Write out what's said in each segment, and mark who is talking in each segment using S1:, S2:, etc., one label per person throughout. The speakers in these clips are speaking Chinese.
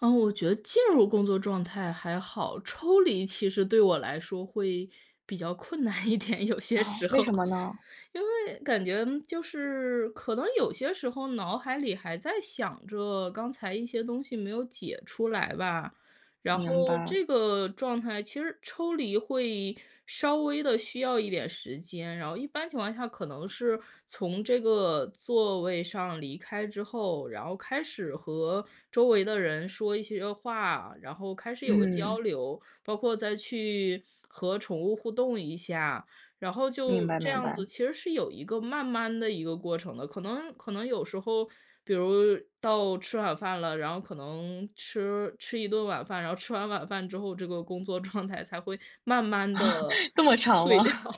S1: 嗯，我觉得进入工作状态还好，抽离其实对我来说会比较困难一点，有些
S2: 啊，
S1: 时
S2: 为什
S1: 候。
S2: 么呢？
S1: 因为感觉就是，可能有些时候脑海里还在想着，刚才一些东西没有解出来吧。然
S2: 明
S1: 后
S2: 白。
S1: 这个状态，其实抽离会稍微地需要一点时间。然后一般情况下可能是从这个座位上离开之后，然后开始和周围的人说一些话，然后开始有个交
S2: 嗯。
S1: 流。包括再去，和宠物互动一下，然后
S2: 明
S1: 就
S2: 白
S1: 这
S2: 明
S1: 样
S2: 白。
S1: 子，其实是有一个慢慢的一个过程的。可能可能有时候比如到吃晚饭了，然后可能吃吃一顿晚饭。然后吃完晚饭之后，这个工作状态才会慢慢 地
S2: 这么长
S1: 退掉。
S2: 吗？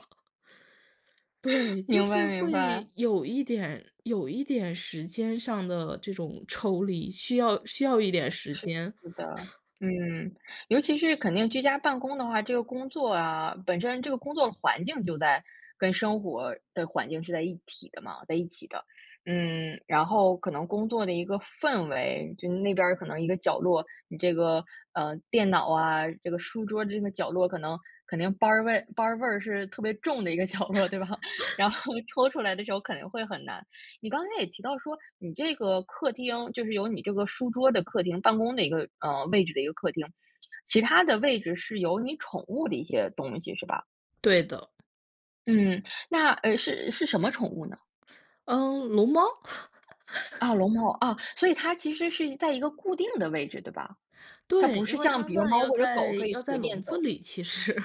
S1: 对，就
S2: 明白
S1: 是
S2: 明白。
S1: 会有一点有一点时间上的这种抽离，需要需要一点时
S2: 是
S1: 间。
S2: 的，嗯。尤其是肯定居家办公的话，这个工作啊本身这个工作的环境就在跟生活的环境是在一体的嘛，在一起的。嗯，然后可能工作的一个氛围。就是那边儿可能一个角落，你这个，嗯，电脑啊，这个书桌的这个角落，可能肯定班儿味班儿味是特别重的一个角落对吧？然 后抽出来的时候肯定会很难。你刚才也提到说你这个客厅，就是有你这个书桌的客厅办公的一个，嗯，位置的一个客厅，其他的位置是有你宠物的一些东西是吧？
S1: 对的。
S2: 嗯，那，呃，是是什么宠物呢？
S1: 嗯，龙猫？
S2: 啊，龙猫，啊。所以它其实是一在一个固定的位置，对吧？它
S1: 对，
S2: 不
S1: 因
S2: 是
S1: 为
S2: 像
S1: 它
S2: 比如
S1: 们
S2: 猫
S1: 要
S2: 或者
S1: 在
S2: 狗可以
S1: 要在
S2: 随
S1: 笼
S2: 便
S1: 子
S2: 走。
S1: 里，其实。